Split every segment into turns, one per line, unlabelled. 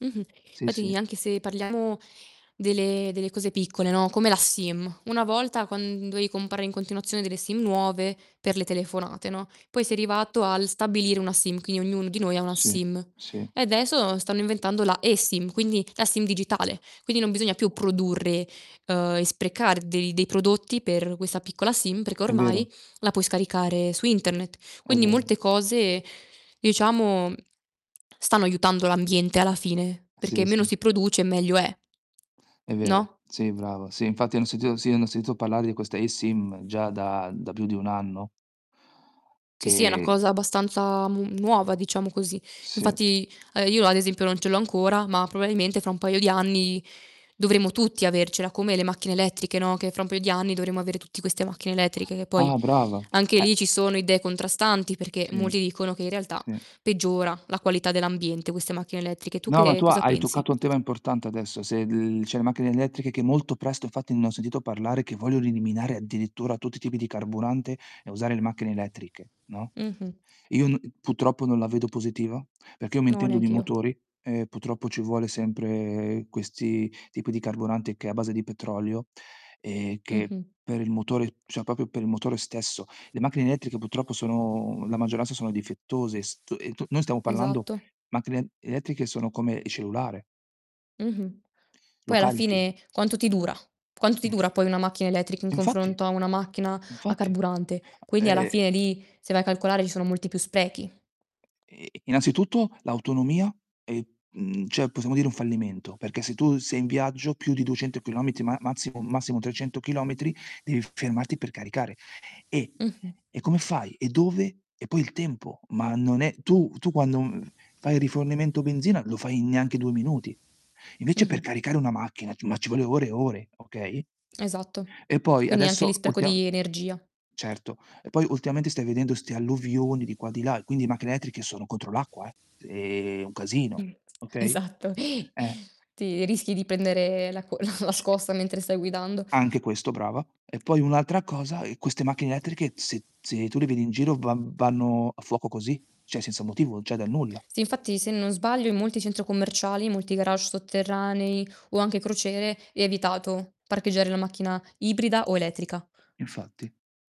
Mh-mh.
Sì, sì.
Fatti anche se parliamo delle delle cose piccole, no, come la SIM. Una volta quand dovevi comprare in continuazione delle SIM nuove per le telefonate, no. Poi si è arrivato al stabilire una SIM, quindi ognuno di noi ha una
Sì,
SIM.
sì.
E adesso stanno inventando la eSIM, quindi la SIM digitale. Quindi non bisogna più produrre, uhm, e sprecar dei dei prodotti per questa piccola SIM, perché
È vero.
ormai la puoi scaricare su Internet.
È
Quindi
vero.
molte cose, diciamo, stanno aiutando l'ambiente alla fine,
Sì,
perché
sì.
meno si produce meglio è.
È vero.
No?
Sì, brava. Sì, infatti ne ho sentito sì, ne ho sentito parlare di questa eSIM già da da più di 1 anno
Sì, sì, è una
che
cosa abbastanza mu nuova, diciamo così.
Sì.
Infatti, ehm, io ad esempio non ce l'ho ancora, ma probabilmente fra un paio di anni dovremo tutti avercela, come le macchine elettriche, no. Che fra un paio di anni dovremo avere tutti queste macchine elettriche, che poi
Ah, brava.
anche
Eh
lì ci sono idee contrastanti, perché
Sì,
molti dicono che in realtà
sì.
peggiora la qualità dell'ambiente, queste macchine elettriche. Tu
No, ma
che
tu
cosa
hai
pensi?
toccato un tema importante adesso. Se l cioè le macchine elettriche che molto presto infatti ne ho sentito parlare, che vogliono eliminare addirittura tutti i tipi di carburante e usare le macchine elettriche, no?
Mh-mh.
Io n purtroppo non la vedo positiva perché io mi
No,
intendo di
neanch'io.
motori e purtroppo ci vuole sempre questi tipi di carburante che è a base di petrolio, e che
Mh-mh.
per il motore cioè, proprio per il motore stesso. Le macchine elettriche purtroppo sono la maggioranza sono difettose. St e t noi stiamo parlando
Esatto.
macchine elettriche sono come il cellulare
Mh-mh.
lo
Poi alla
carichi.
fine quanto ti dura? Quanto ti
[unintelligible]
dura poi una macchina elettrica in
Infatti,
confronto a una macchina a
infatti.
carburante? Quindi alla
E
fine lì, se vai a calcolare, ci sono molti più sprechi.
Ehm, innanzitutto l'autonomia e mhmm, cioè possiamo dire un fallimento, perché se tu sei in viaggio più di 200 chilometri ma massimo, massimo 300 chilometri devi fermarti per caricare. E
Mh-mh.
e come fai? E dove? E poi il tempo, ma non è tu tu quando, mhmm, fai il rifornimento benzina lo fai in neanche 2 minuti. Invece per
Mh-mh.
caricare una macchina ci ma ci vuole ore e ore, okay
Esatto.
e poi
Quindi anche
adesso
lì spreco
ultimam
di energia.
certo, e poi ultimamente stai vedendo 'ste alluvioni di qua e di là, quindi macchine elettriche sono contro l'acqua, eh. Se un casino,
Mh,
okay?
esatto.
Eh.
Ti rischi di pendere la co la la
Sì.
scossa mentre stai guidando.
Anche questo, brava. E poi un'altra cosa, uhm, queste macchine elettriche se se tu le vedi in giro va vanno a fuoco così, cioè, senza motivo, cioè, dal nulla.
Sì, infatti, se non sbaglio, in molti centro commerciali, in molti garage sotterranei o anche crociere è vietato parcheggiare la macchina ibrida o elettrica.
Infatti.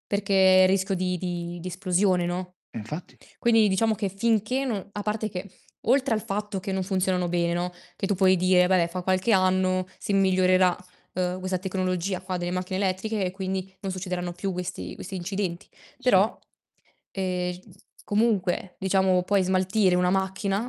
Perché rischio di di di esplosione, no,
Eh, infatti.
quindi diciamo che finché no a parte che oltre al fatto che non funzionano bene, no, che tu puoi dire: "Vabbè, fa qualche anno si migliorerà, uhm, questa tecnologia qua delle macchine elettriche e quindi non succederanno più questi questi incidenti."
Sì.
Però, ehm, s comunque, diciamo, poi smaltire una macchina